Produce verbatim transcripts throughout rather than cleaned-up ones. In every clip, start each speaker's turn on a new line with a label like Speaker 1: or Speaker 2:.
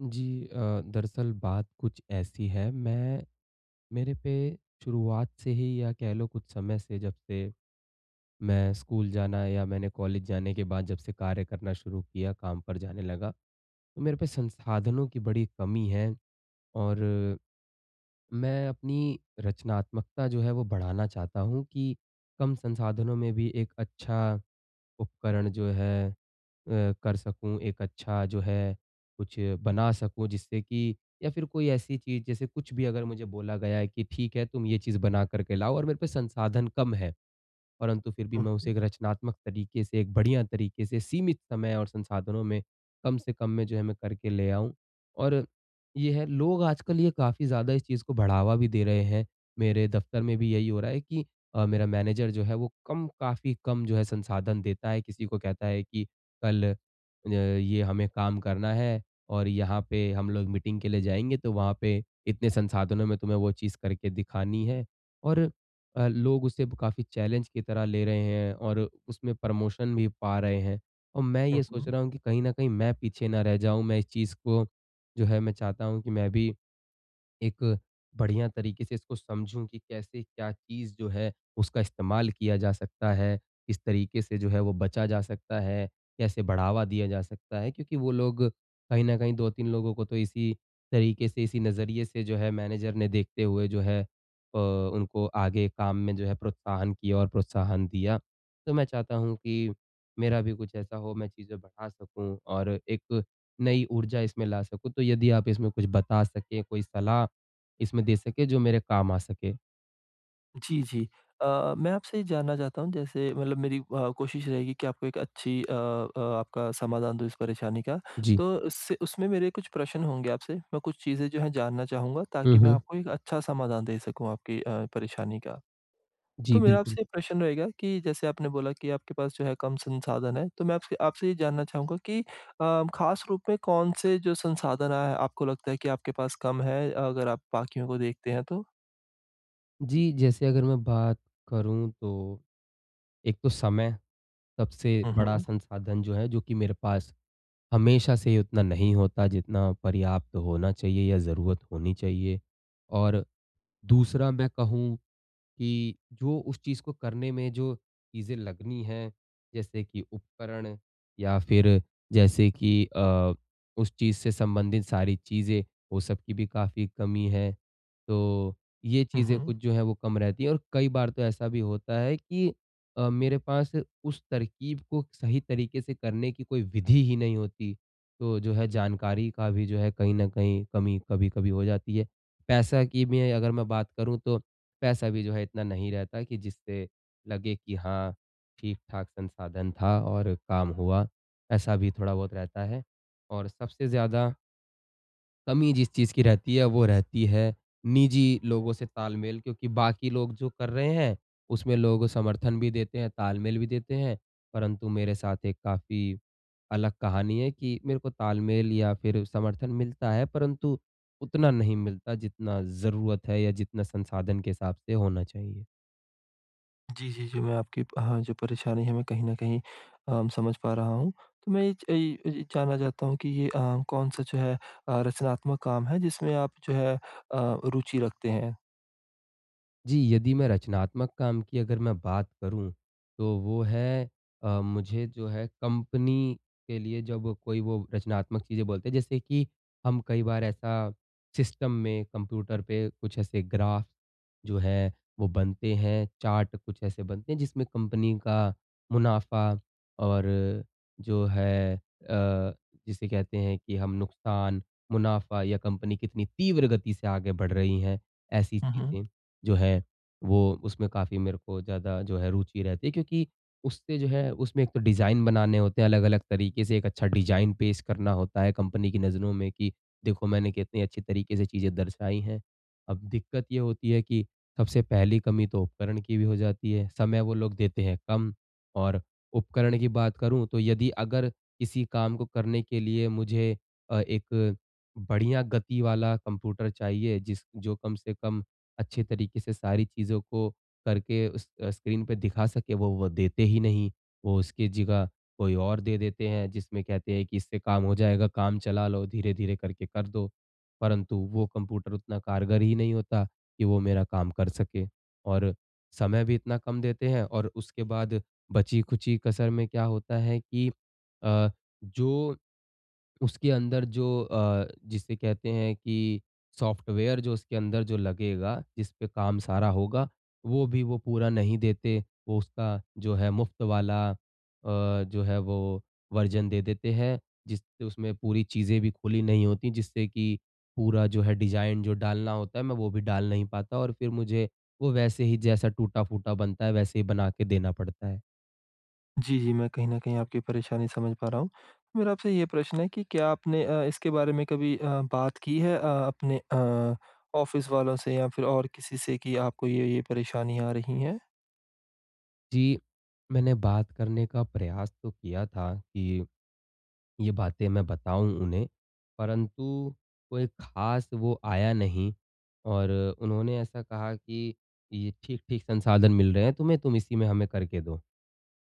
Speaker 1: जी, अ, दरअसल बात कुछ ऐसी है, मैं मेरे पे शुरुआत से ही या कह लो कुछ समय से जब से मैं स्कूल जाना या मैंने कॉलेज जाने के बाद जब से कार्य करना शुरू किया, काम पर जाने लगा। तो मेरे पे संसाधनों की बड़ी कमी है और मैं अपनी रचनात्मकता जो है वो बढ़ाना चाहता हूँ, कि कम संसाधनों में भी एक अच्छा उपकरण जो है अ, कर सकूँ, एक अच्छा जो है कुछ बना सकूँ जिससे कि या फिर कोई ऐसी चीज़ जैसे कुछ भी अगर मुझे बोला गया है कि ठीक है तुम ये चीज़ बना करके लाओ और मेरे पे संसाधन कम हैं, परंतु फिर भी
Speaker 2: उ,
Speaker 1: मैं
Speaker 2: हुँ।
Speaker 1: उसे एक रचनात्मक तरीके से, एक बढ़िया तरीके से, सीमित समय और संसाधनों में कम से कम में जो है मैं करके ले आऊँ। और ये है, लोग आजकल ये काफ़ी ज़्यादा इस चीज़ को बढ़ावा भी दे रहें हैं। मेरे दफ्तर में भी यहीं हो रहा है कि अ, मेरा मैनेजर जो है वो कम काफ़ी कम जो है संसाधन देता है, किसी को कहता है कि कल अ, ये हमें काम करना है और यहाँ पे हम लोग मीटिंग के लिए जाएँगे तो वहाँ पे इतने संसाधनों में तुम्हें वो चीज़ करके दिखानी हैं। और अ, लोग उसे काफ़ी चैलेंज की तरह ले रहे हैं और उसमें प्रमोशन भी पा रहें हैं। और मैं
Speaker 2: हुँ,
Speaker 1: ये सोच
Speaker 2: हुँ।
Speaker 1: रहा हूँ कि कहीं न कहीं मैं पीछे ना रह जाऊँ, मैं इस चीज़ को जो है मैं चाहता हूँ कि मैं भी एक बढ़िया तरीके से इसको समझूँ कि कैसे क्या चीज़ जो है उसका इस्तेमाल किया जा सकता है। किस तरीके से जो है वो बचा जा सकता है, कैसे बढ़ावा दिया जा सकता है, क्योंकि वो लोग कहीं न कहीं दो तीन लोगों को तो इसी तरीके से, इसी नज़रिए से जो है मैनेजर ने देखते हुए जो है अ, उनको आगे काम में जो है प्रोत्साहन किया और प्रोत्साहन दिया। तो मैं चाहता हूँ कि मेरा भी कुछ ऐसा हो, मैं चीज़ें बढ़ा सकूँ और एक नई ऊर्जा इसमें ला सकूँ। तो यदि आप इसमें कुछ बता सकें, कोई सलाह इसमें दे सकें जो मेरे काम आ सके।
Speaker 2: जी, जी। अ, मैं आपसे ये जानना चाहता हूँ जैसे मतलब मेरी व कोशिश रहेगी कि आपको एक अच्छी अ अ, आपका समाधान दूँ इस परेशानी का
Speaker 1: जी।
Speaker 2: तो उससे उसमें मेरे कुछ प्रश्न होंगे आपसे, मैं कुछ चीज़ें जो है जानना चाहूँगा
Speaker 1: हुँ,
Speaker 2: ताकि मैं
Speaker 1: हुँ।
Speaker 2: आपको एक अच्छा समाधान दे सकूँ आपकी अ, परेशानी का।
Speaker 1: जी,
Speaker 2: तो मेरा
Speaker 1: बिल्कुल।
Speaker 2: आपसे ये प्रश्न रहेगा कि जैसे आपने बोला कि आपके पास जो है कम संसाधन है, तो मैं आपसे आपसे ये जानना चाहूँगा कि अ, ख़ास रूप में कौन-से जो संसाधन आए हैं आपको लगता है कि आपके पास कम है, अगर आप बाकियों को देखते हैं तो?
Speaker 1: जी, जैसे अगर मैं बात करूँ तो, एक तो समय सबसे
Speaker 2: हुँ,
Speaker 1: बड़ा
Speaker 2: हुँ।
Speaker 1: संसाधन जो है, जो कि मेरे पास हमेशा से ही उतना नहीं होता जितना पर्याप्त होना चाहिए या ज़रूरत होनी चाहिए। और दूसरा मैं कहूँ कि जो उस चीज़ को करने में जो चीज़ें लगनी है, जैसे कि उपकरण या फिर जैसे कि अ, उस चीज़ से संबंधित सारी चीज़ें वो सबकी भी काफ़ी कमी है, तो ये
Speaker 2: हुँ,
Speaker 1: चीज़ें
Speaker 2: हुँ।
Speaker 1: कुछ जो हैं वो कम रहती है। और कई बार तो ऐसा भी होता है कि अ, मेरे पास उस तरक़ीब को सही तरीक़े से करने की कोई विधि ही नहीं होती, तो जो है जानकारी का भी जो है कहीं न कहीं कमी कभी-कभी हो जाती है। पैसा की भी अगर मैं बात करूँ तो पैसा भी जो है इतना नहीं रहता कि जिससे लगे कि हाँ, ठीक-ठाक संसाधन था और काम हुआ, ऐसा भी थोड़ा-बहुत रहता है। और सबसे ज़्यादा कमी जिस चीज़ की रहती है वो रहती है निजी लोगों से तालमेल क्योंकि बाकी लोग जो कर रहे हैं, उसमें लोग समर्थन भी देते हैं, तालमेल भी देते हैं परंतु मेरे साथ एक काफ़ी अलग कहानी है कि, मेरे को तालमेल या फिर समर्थन मिलता है, परंतु उतना नहीं मिलता जितना ज़रूरत है या जितना संसाधन के हिसाब से होना चाहिए।
Speaker 2: जी, जी, जी मैं आपकी अ, हाँ जो परेशानी है मैं कहीं न कहीं अम, समझ पा रहा हूँ। तो मैं ये च ये, ये जानना चाहता हूँ कि ये अ, कौन-सा जो है अ, रचनात्मक काम है जिसमें आप जो है अ, रुचि रखते हैं?
Speaker 1: जी, यदि मैं रचनात्मक काम की अगर मैं बात करूँ, तो वो है अ, मुझे जो है कंपनी के लिए जब कोई वो रचनात्मक चीज़ें बोलते हैं, जैसे कि हम कई बार ऐसा सिस्टम में, कंप्यूटर पे कुछ ऐसे ग्राफ, जो है, वो बनते हैं, चार्ट कुछ ऐसे बनते हैं जिसमें कंपनी का मुनाफ़ा और जो है अ, जिसे कहते हैं कि हम नुकसान, मुनाफ़ा या कंपनी कितनी तीव्र गति से आगे बढ़ रही है, ऐसी
Speaker 2: हुँ, हुँ।
Speaker 1: चीज़ें जो है वो उसमें काफ़ी मेरे को ज़्यादा जो है रुचि रहती है। क्योंकि उससे जो है उसमें एक तो डिज़ाइन बनाने होते हैं, अलग-अलग तरीके से एक अच्छा डिज़ाइन पेश करना होता है कंपनी की नज़रों में कि देखो मैंने कितनी अच्छी तरीके से चीज़ें दर्शाई हैं। अब दिक्कत ये होती है कि सबसे पहली कमी तो उपकरण की भी हो जाती है, समय वो लोग देते हैं कम और उपकरण की बात करूँ तो यदि अगर किसी काम को करने के लिए मुझे अ, एक बढ़िया गति वाला कंप्यूटर चाहिए जिस जो कम से कम अच्छे तरीके से सारी चीज़ों को करके उस स्क्रीन पे दिखा सके वो, वो देते ही नहीं। वो उसकी जगह कोई और दे देते हैं जिसमें कहते हैं कि इससे काम हो जाएगा, काम चला लो, धीरे-धीरे करके कर दो, परंतु वो कंप्यूटर उतना कारगर ही नहीं होता कि वो मेरा काम कर सके। और समय भी इतना कम देते हैं और उसके बाद बची-खुची कसर में क्या होता है कि अ, जो, उसके अंदर जो अ, जिसे कहते हैं कि सॉफ्टवेयर जो उसके अंदर जो लगेगा, जिसपे काम सारा होगा, वो भी वो पूरा नहीं देते, वो उसका जो है मुफ़्त वाला अ, जो है वो वर्ज़न दे देते हैं। जिस उसमें पूरी चीज़ें भी खुली नहीं होती जिससे कि पूरा जो है डिज़ाइन जो डालना होता है, मैं वो भी डाल नहीं पाता और फिर मुझे वो वैसे ही जैसा टूटा-फूटा बनता है वैसे ही बना के देना पड़ता है।
Speaker 2: जी, जी। मैं कहीं न कहीं आपकी परेशानी समझ पा रहा हूँ। मेरा आपसे ये प्रश्न है, कि क्या आपने अ, इसके बारे में कभी अ, बात की है? अ, अपने अ, ऑफ़िस वालों से या फिर और किसी से कि आपको ये, ये परेशानी आ रही है?
Speaker 1: जी। मैंने बात करने का प्रयास तो किया था कि, ये बातें मैं बताऊँ उन्हें, परंतु कोई ख़ास वो आया नहीं और उन्होंने ऐसा कहा कि, "ये ठीक-ठीक संसाधन मिल रहे हैं तुम्हें, तुम इसी में हमें करके दो।"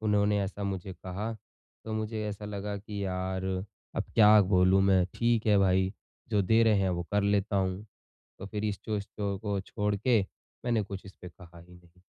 Speaker 1: उन्होंने ऐसा मुझे कहा, तो मुझे ऐसा लगा कि यार अब क्या बोलूँ मैं, ठीक है भाई, जो दे रहे हैं वो कर लेता हूँ। तो फिर इस स्टोर को छोड़ के मैंने कुछ इसपे कहा ही नहीं।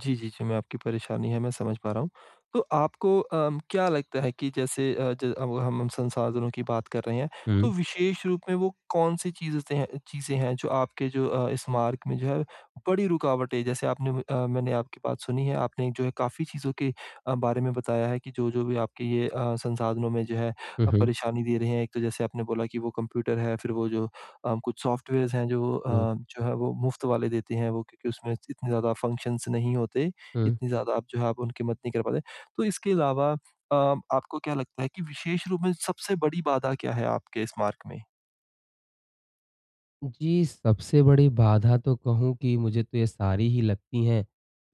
Speaker 2: जी, जी, जी। मैं आपकी परेशानी है मैं समझ पा रहा हूँ, तो आपको अ, क्या लगता है कि जैसे आज अब हम उन संसाधनों की बात कर रहे हैं। तो
Speaker 1: हुँ।
Speaker 2: विशेष रूप में वो कौन-सी चीज़ स चीज़ें हैं जो आपके अ, जो इस मार्ग में जो है बड़ी रुकावटें, जैसे आपने अ, मैंने आपकी बात सुनी है, आपने जो है काफ़ी चीज़ों के अ, बारे में बताया है कि जो-जो भी आपके ये अ, संसाधनों में जो है
Speaker 1: हुँ,
Speaker 2: अ,
Speaker 1: हुँ।
Speaker 2: परेशानी दे रहे हैं। एक तो जैसे आपने बोला कि वो कंप्यूटर है, फिर वो जो अ, कुछ सॉफ्टवेयर्स हैं जो अ,
Speaker 1: हुँ।
Speaker 2: जो है वो मुफ़्त वाले देते हैं वो क्योंकि उसमें इतने ज़्यादा फंक्शन्स नहीं होते,
Speaker 1: हुँ।
Speaker 2: इतनी ज़्यादा आप जो है, आप उनकी मत नहीं कर पाते। तो इसके अलावा अ, आपको क्या लगता है कि विशेष रूप में सबसे बड़ी बाधा क्या है, आपके इस मार्ग में?
Speaker 1: जी, सबसे बड़ी बाधा तो कहूँ कि मुझे तो ये सारी ही लगती हैं,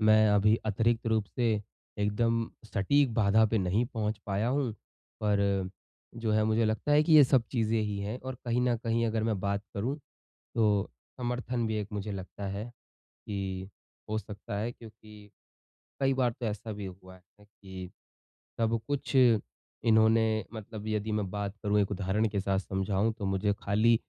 Speaker 1: मैं अभी अतिरिक्त रूप से एकदम सटीक बाधा पे नहीं पहुँच पाया हूँ, पर जो है मुझे लगता है कि ये सब चीज़ें ही हैं और कहीं न कहीं अगर मैं बात करूँ तो समर्थन भी एक मुझे लगता है कि, हो सकता है। क्योंकि कई बार तो ऐसा भी हुआ है कि सब कुछ इन्होंने मतलब यदि मैं बात करूँ एक उदाहरण के साथ समझाऊँ तो मुझे खाली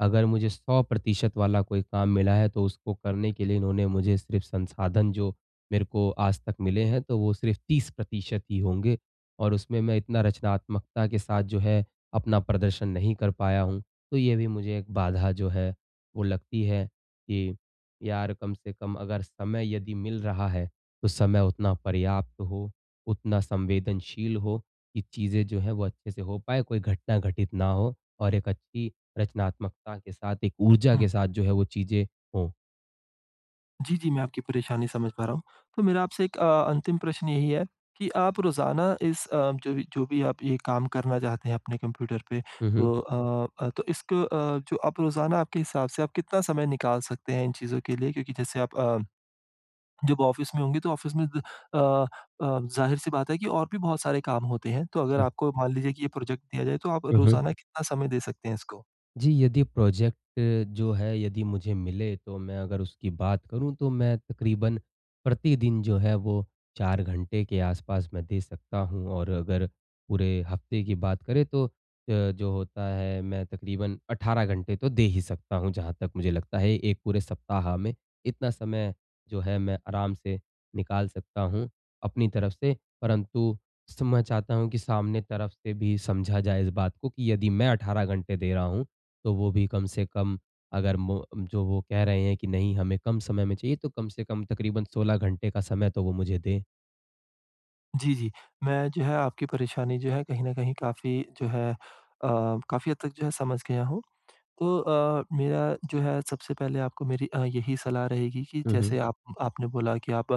Speaker 1: अगर मुझे सौ प्रतिशत वाला कोई काम मिला है तो उसको करने के लिए इन्होंने मुझे सिर्फ़ संसाधन जो मेरे को आज तक मिले हैं, तो वो सिर्फ़ तीस प्रतिशत ही होंगे और उसमें मैं इतना रचनात्मकता के साथ जो है अपना प्रदर्शन नहीं कर पाया हूँ। तो ये भी मुझे एक बाधा जो है वो लगती है कि, यार कम से कम अगर समय यदि मिल रहा है, तो समय उतना पर्याप्त हो, उतना संवेदनशील हो, ये चीज़ें जो हैं वो अच्छे से हो पाएँ, कोई घटना घटित ना हो और एक अच्छी रचनात्मकता के साथ एक ऊर्जा
Speaker 2: हुँ।
Speaker 1: के साथ जो है, वो चीज़ें हों।
Speaker 2: जी, जी, मैं आपकी परेशानी समझ पा रहा हूँ। तो मेरा आपसे एक अ, अंतिम प्रश्न यही है कि आप रोज़ाना इस अ, जो भी जो भी आप ये काम करना चाहते हैं अपने कंप्यूटर पे,
Speaker 1: हुँ, हुँ।
Speaker 2: तो अ अ, तो इसक अ, जो आप रोज़ाना आपके हिसाब से आप कितना समय निकाल सकते हैं इन चीज़ों के लिए? क्योंकि जैसे आप अ, जब ऑफ़िस में होंगे, तो ऑफ़िस में द अ अ, जाहिर-सी बात है कि और भी बहुत सारे काम होते हैं। तो अगर
Speaker 1: जी।
Speaker 2: आपको, मान लीजिए कि ये प्रोजेक्ट दिया जाए, तो आप
Speaker 1: हुँ, हुँ।
Speaker 2: रोज़ाना कितना समय दे सकते हैं इसको?
Speaker 1: जी, यदि प्रोजेक्ट जो है, यदि मुझे मिले, तो मैं अगर उसकी बात करूँ, तो मैं तकरीबन प्रतिदिन जो है, वो चार घंटे के आसपास मैं दे सकता हूँ और अगर पूरे हफ़्ते की बात करें, तो अ, जो होता है, मैं तकरीबन अठारह घंटे तो दे ही सकता हूँ। जहाँ तक मुझे लगता है, एक पूरे सप्ताह में इतना समय जो है, मैं आराम से निकाल सकता हूँ, अपनी तरफ से। परंतु सर, मैं चाहता हूँ कि सामने तरफ से भी समझा जाए इस बात को कि यदि मैं अठारह घंटे दे रहा हूँ, तो वो भी कम से कम, अगर मो जो वो कह रहे हैं कि, "नहीं, हमें कम समय में चाहिए।" तो कम से कम तकरीबन सोलह घंटे का समय तो वो मुझे दें।
Speaker 2: जी, जी। मैं जो है, आपकी परेशानी जो है, कहीं न कहीं काफ़ी जो है अ, काफ़ी हद तक जो है, समझ गया हूँ। तो अ, मेरा जो है, सबसे पहले आपको मेरी अ, यही सलाह रहेगी कि
Speaker 1: हुँ, हुँ।
Speaker 2: जैसे आप आपने बोला कि आप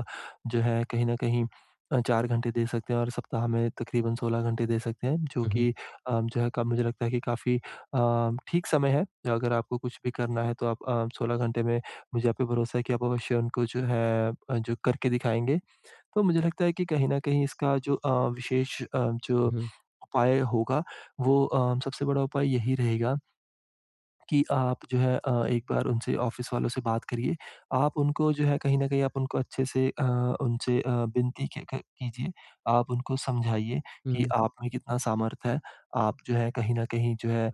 Speaker 2: जो है, कहीं न कहीं अ, चार घंटे दे सकते हैं और सप्ताह में तकरीबन सोलह घंटे दे सकते हैं, जो
Speaker 1: हुँ, हुँ।
Speaker 2: कि अ, जो है क मुझे लगता है कि काफ़ी अ, ठीक समय है। अगर आपको कुछ भी करना है, तो आप अ, सोलह घंटे में मुझे आप पे भरोसा है कि आप अवश्य उनको जो है अ, जो करके दिखाएँगे। तो मुझे लगता है कि कहीं न कहीं, इसका जो अ, विशेष अ, जो
Speaker 1: हुँ, हुँ।
Speaker 2: उपाय होगा, वो अ, सबसे बड़ा उपाय यही रहेगा कि आप जो है अ, एक बार उनसे ऑफ़िस वालों से बात करिए। आप उनको, जो है, कहीं न कहीं आप उनको अच्छे-से अ, उनसे अ, विनती के क कीजिये। आप उनको समझाइए
Speaker 1: हुँ,
Speaker 2: कि
Speaker 1: हुँ।
Speaker 2: आप में कितना सामर्थ है। आप जो है, कहीं न कहीं जो है,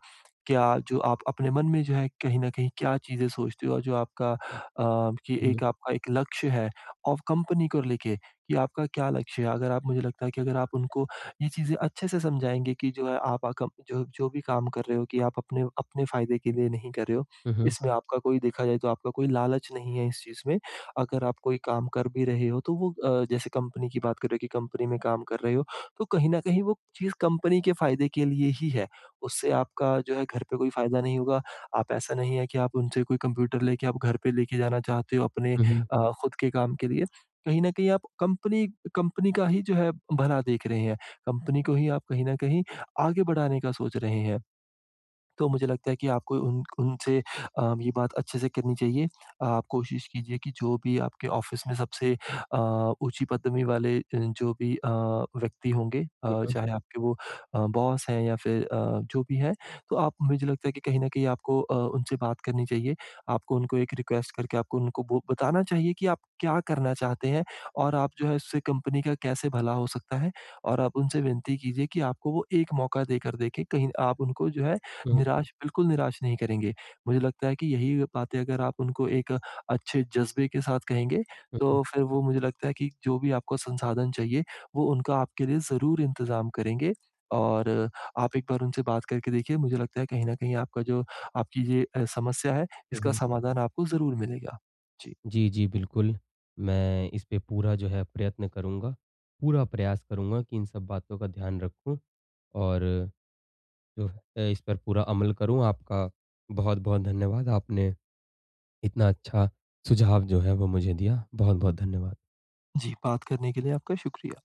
Speaker 2: क्या जो आप अपने मन में, जो है, कहीं न कहीं क्या चीज़ें सोचते हो और जो आपका अ, कि
Speaker 1: हुँ, हुँ।
Speaker 2: एक आपका एक लक्ष्य है और कंपनी को लेके कि आपका क्या लक्ष्य है? अगर आप, मुझे लगता है कि अगर आप उनको ये चीज़ें अच्छे से समझाएँगे कि जो है, आप आ कम जो जो भी काम कर रहे हो कि आप अपने अपने फ़ायदे के लिए नहीं कर रहे हो।
Speaker 1: हुँ, हुँ।
Speaker 2: इसमें आपका कोई, देखा जाए, तो आपका कोई लालच नहीं है इस चीज़ में। अगर आप कोई काम कर भी रहे हो, तो वो अ, जैसे कंपनी की बात कर रहे हो कि कंपनी में काम कर रहे हो, तो कहीं न कहीं वो चीज़ कंपनी के फ़ायदे के लिए ही है। उससे आपका जो है, घर पे कोई फ़ायदा नहीं होगा। आप ऐसा नहीं है कि आप उनसे कोई कंप्यूटर लेके आप घर पे लेके जाना चाहते हो, अपने
Speaker 1: हुँ, हुँ।
Speaker 2: अ, खुद के काम के लिए। कहीं न कहीं आप कंपनी कंपनी का ही जो है, भला देख रहे हैं। कंपनी को ही आप कहीं न कहीं आगे बढ़ाने का सोच रहे हैं। तो मुझे लगता है कि आपको उन्क उनसे अ, ये बात अच्छे-से करनी चाहिए। आप कोशिश कीजिए कि जो भी आपके ऑफ़िस में सबसे अ, ऊँची पदवी वाले अ, जो भी अ, व्यक्ति होंगे
Speaker 1: हुँ,
Speaker 2: अ,
Speaker 1: हुँ।
Speaker 2: चाहे आपके वो अ, बॉस हैं या फिर अ, जो भी हैं। तो आप मुझे लगता है कि कहीं न कहीं आपको अ, उनसे बात करनी चाहिए। आपको उनको एक रिक्वेस्ट करके आपको उनको बो बताना चाहिए कि आप क्या करना चाहते हैं और आप जो है, उससे कंपनी का कैसे भला हो सकता है और आप उनसे विनती कीजिए कि आपको वो एक मौका देकर देखें, कहीं आप उनको जो है,
Speaker 1: हुँ, हुँ
Speaker 2: निराश बिल्कुल निराश नहीं करेंगे। मुझे लगता है कि यही बातें अगर आप उनको एक अच्छे जज़्बे के साथ कहेंगे,
Speaker 1: हुँ, हुँ।
Speaker 2: तो फिर वो, मुझे लगता है कि जो भी आपको संसाधन चाहिए, वो उनका आपके लिए ज़रूर इंतज़ाम करेंगे और आप एक बार उनसे बात करके देखिए, मुझे लगता है, कहीं न कहीं आपका जो, आपकी ये अ, समस्या है,
Speaker 1: हुँ,
Speaker 2: इसका
Speaker 1: हुँ।
Speaker 2: समाधान आपको ज़रूर मिलेगा। जी।
Speaker 1: जी, जी, बिल्कुल। मैं इसपे पूरा जो है, प्रयत्न करूँगा, पूरा प्रयास करूँगा कि इन सब बातों का ध्यान रखूँ और अ अ, इस पर पूरा अमल करूँ। आपका बहुत-बहुत धन्यवाद, आपने इतना अच्छा सुझाव जो है, वो मुझे दिया। बहुत-बहुत धन्यवाद।
Speaker 2: जी, बात करने के लिए आपका शुक्रिया।